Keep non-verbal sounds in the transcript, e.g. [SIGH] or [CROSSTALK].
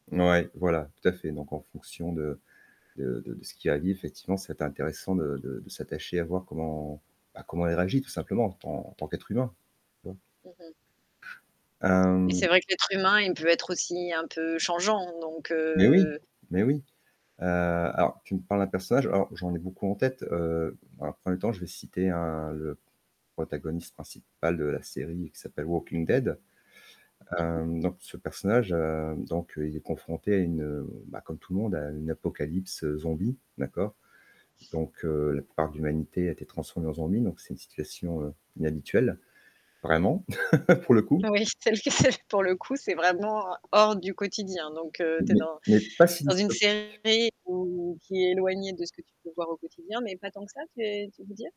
Ouais, voilà, tout à fait donc en fonction de de de de ce qu'elle a dit effectivement, c'est intéressant de de de s'attacher à voir comment, bah, comment elle réagit tout simplement en tant en tant qu'être humain. Tu vois? Mmh mh. Et c'est Hem vrai que l'être humain, il peut être aussi un peu changeant donc Mais oui, heu mais oui, heu, alors tu me parles d'un personnage, alors j'en ai beaucoup en tête, heu, dans 1er temps, je vais citer un le protagoniste principal de la série qui s'appelle Walking Dead, Mmh mh. hem, donc ce personnage, heu, donc heu, il est confronté à une, heu, bah, comme tout le monde à une apocalypse, heu, zombie, d'accord? Donc heu, la plupart de l'humanité a été transformée en zombie donc c'est une situation, heu, inhabituelle vraiment [CHUCKLES] pour le coup. Oui, c'est le que c'est pour le coup, c'est vraiment hors du quotidien donc heu, tu es Mais dans mais pas si dans une dystopique. série ou qui est éloignée de ce que tu peux voir au quotidien, mais pas tant que ça, tu es tu veux dire?